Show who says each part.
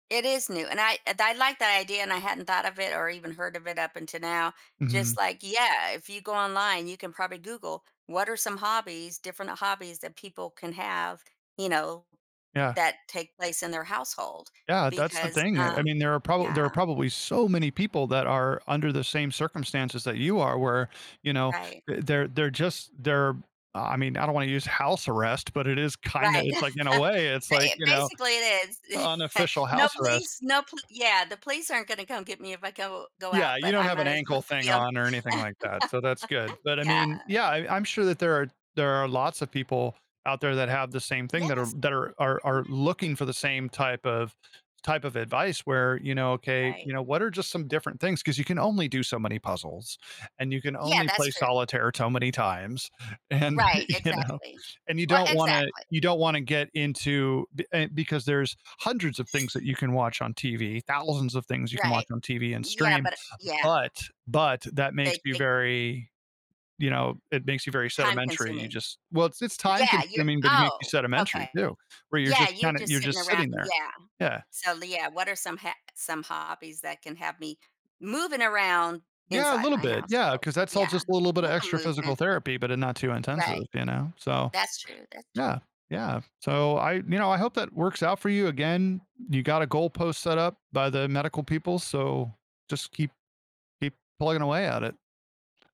Speaker 1: It is new and I th I like that idea and I hadn't thought of it or even heard of it up until now. Just
Speaker 2: Mhm.
Speaker 1: like, yeah, if you go online, you can probably Google what are some hobbies, different hobbies that people can have, you know,
Speaker 2: Yeah.
Speaker 1: that take place in their household
Speaker 2: Yeah, that's the
Speaker 1: because,
Speaker 2: thing, uh, I
Speaker 1: um,
Speaker 2: mean, there are prob there
Speaker 1: yeah.
Speaker 2: are probably so many people that are under the same circumstances that you are where, you know,
Speaker 1: Right.
Speaker 2: th they're just, they're I mean, I don't want to use house arrest, but it is kinda
Speaker 1: Right
Speaker 2: it's like in a way, it's like,
Speaker 1: b
Speaker 2: you know,
Speaker 1: basically it is.
Speaker 2: unofficial
Speaker 1: No
Speaker 2: house arrest.
Speaker 1: police, no pol yeah, the police aren't gonna come get me if I go go
Speaker 2: Yeah,
Speaker 1: out,
Speaker 2: you
Speaker 1: but
Speaker 2: don't
Speaker 1: I
Speaker 2: have an
Speaker 1: might as well
Speaker 2: ankle thing
Speaker 1: be on
Speaker 2: on or anything like that, so that's good. But I
Speaker 1: yeah.
Speaker 2: mean, yeah, I I'm sure that there are there are lots of people out there that have the same thing that are
Speaker 1: Yes.
Speaker 2: that are are looking
Speaker 1: [unintelligible]
Speaker 2: for the same type of type of advice where, you know, okay, you
Speaker 1: Right.
Speaker 2: know, what are just some different things? 'Cause you can only do so many puzzles and you can
Speaker 1: Yeah,
Speaker 2: only
Speaker 1: that's
Speaker 2: play
Speaker 1: true.
Speaker 2: solitaire toe many times and
Speaker 1: Right,
Speaker 2: you know,
Speaker 1: exactly.
Speaker 2: and you
Speaker 1: Well,
Speaker 2: don't wanna
Speaker 1: exactly.
Speaker 2: you don't wanna get into b an because there's 100s of things that you can watch on TV, 1000s of things you can
Speaker 1: Right,
Speaker 2: watch on TV and
Speaker 1: yeah
Speaker 2: stream,
Speaker 1: but yeah.
Speaker 2: but but that makes
Speaker 1: They
Speaker 2: you
Speaker 1: take
Speaker 2: very, you know, it makes you very
Speaker 1: Time
Speaker 2: sedimentary, you
Speaker 1: consuming
Speaker 2: just well, it's just time
Speaker 1: yeah you're
Speaker 2: consuming but it makes you
Speaker 1: oh,
Speaker 2: sedimentary too,
Speaker 1: okay.
Speaker 2: where you're
Speaker 1: Yeah
Speaker 2: just
Speaker 1: you're
Speaker 2: kinda
Speaker 1: just
Speaker 2: you're
Speaker 1: sitting around,
Speaker 2: sitting there,
Speaker 1: yeah.
Speaker 2: yeah.
Speaker 1: So, yeah, what are ha some some hobbies that can have me moving around
Speaker 2: Yeah a
Speaker 1: inside
Speaker 2: little
Speaker 1: my
Speaker 2: bit, yeah,
Speaker 1: household?
Speaker 2: 'cause that's all
Speaker 1: Yeah,
Speaker 2: just a little
Speaker 1: a
Speaker 2: bit of
Speaker 1: little
Speaker 2: extra physical
Speaker 1: movement.
Speaker 2: therapy, but a not too intensive,
Speaker 1: Right,
Speaker 2: you know? So,
Speaker 1: that's true, that's true
Speaker 2: yeah, yeah, so I you know, I hope that works out for you. Again, you got a goalpost set up by the medical people, so just keep, keep plugging away at it.